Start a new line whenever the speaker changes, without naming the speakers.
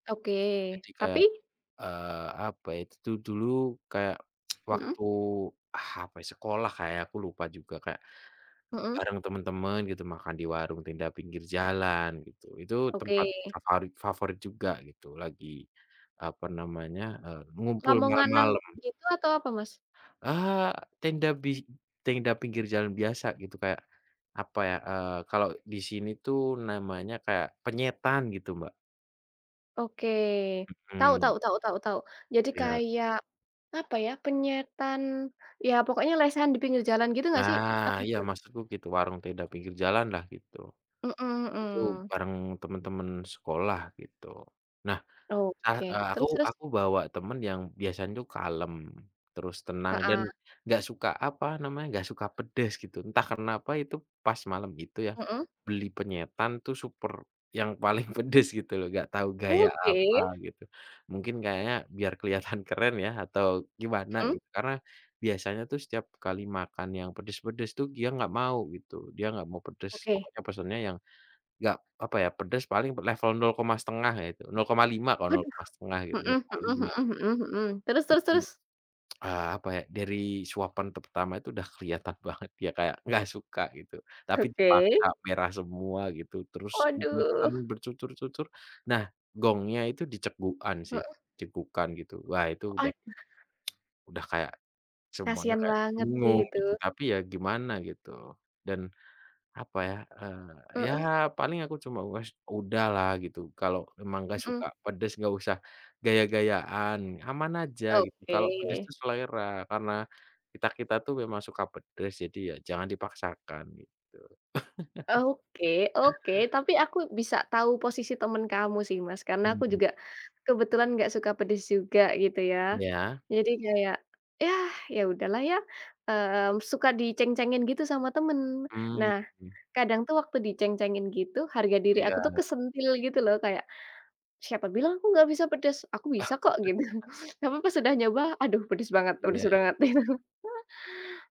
Oke,
Jadi kayak,
tapi?
eee, apa ya, itu tuh dulu kayak
Mhm.
waktu ah, apa ya, sekolah, Kak, ya, aku lupa juga kayak
Mhm.
bareng temen-temen gitu makan di warung tenda pinggir jalan gitu. Itu tempat
Oke.
favarit favorit juga gitu, lagi apa namanya, eee, ngumpul
Lamongan nan
malam-malam.
gitu atau apa, Mas?
Ah, tenda bis tenda pinggir jalan biasa gitu kayak, apa ya, eee, kalau di sini tuh namanya kayak penyetan gitu, Mbak.
Oke, tau
Mhm.
tau tau tau tau, jadi
Iya.
kayak, apa ya, penyetan iya pokoknya lesehan di pinggir jalan gitu nggak sih, atau
Nah, iya
bukan?
maksudku gitu warung tenda pinggir jalanlah gitu.
Mhm
Itu
mhm.
bareng temen-temen sekolah gitu. Nah, ar
Oke,
eee, aku
terus terus?
aku bawa temen yang biasanya tuh kalem, terus tenang dan
Heeh.
nggak suka, apa namanya, nggak suka pedes gitu, entah karena apa itu pas malam itu ya,
Mhm.
beli penyetan tuh super yang paling pedes gitu loh, nggak tahu gaya apa
Oke!
gitu. Mungkin kayaknya biar kelihatan keren ya atau gimana
Mhm.
gitu, karena biasanya tuh setiap kali makan yang pedes-pedes tuh gia nggak mau gitu, dia nggak mau pedes
Oke.
pokoknya pesennya yang nggak, apa ya, pedes paling pernah level 0 koma 1/2 ya itu, 0,5 kok 0
Waduh,
koma 1/2 gitu,
mhm
nol koma
mhm
lima
mhm mhm mhm, terus
gitu.
terus
Jadi,
terus?
ah, apa ya, dari suapan pertama itu udah kelihatan banget dia kayak nggak suka gitu tapi dipaksa
Oke.
merah semua gitu, terus berminyak
Waduh.
aduh, bercucur-cucur. Nah gongnya itu dicegukan sih,
Heeh.
cegukan gitu wah itu
Oh,
udah
ada.
udah kayak semuanya
Kasihan
kayak
banget sih
bingung
itu.
gitu, tapi ya gimana gitu. Dan, apa ya, eee, ya
Mhm.
paling aku cuma, "Wes udahlah gitu, kalau memang nggak
Mhm.
suka pedes nggak usah gaya-gayaan, aman aja gitu kalau pedes
Oke.
itu selera, karena kita-kita tuh memang suka pedes jadi ya jangan dipaksakan," gitu.
Oke oke tapi aku bisa tahu posisi temen kamu sih, Mas, karena aku
Mhm.
juga kebetulan enggak suka pedes juga gitu ya.
Iya.
Jadi kayak ya, ya udahlah ya, mmm, suka diceng-cengin gitu sama temen.
Mmm
Nah
mmm.
kadang tuh waktu diceng-cengin gitu harga diri
Iya,
aku tuh
e
kesentil gitu loh, kayak, "Siapa bilang aku nggak bisa pedes, aku bisa kok," gitu. Tapi pas sudah nyoba, "Aduh pedes banget
Iya
pedes
iya.
banget." itu.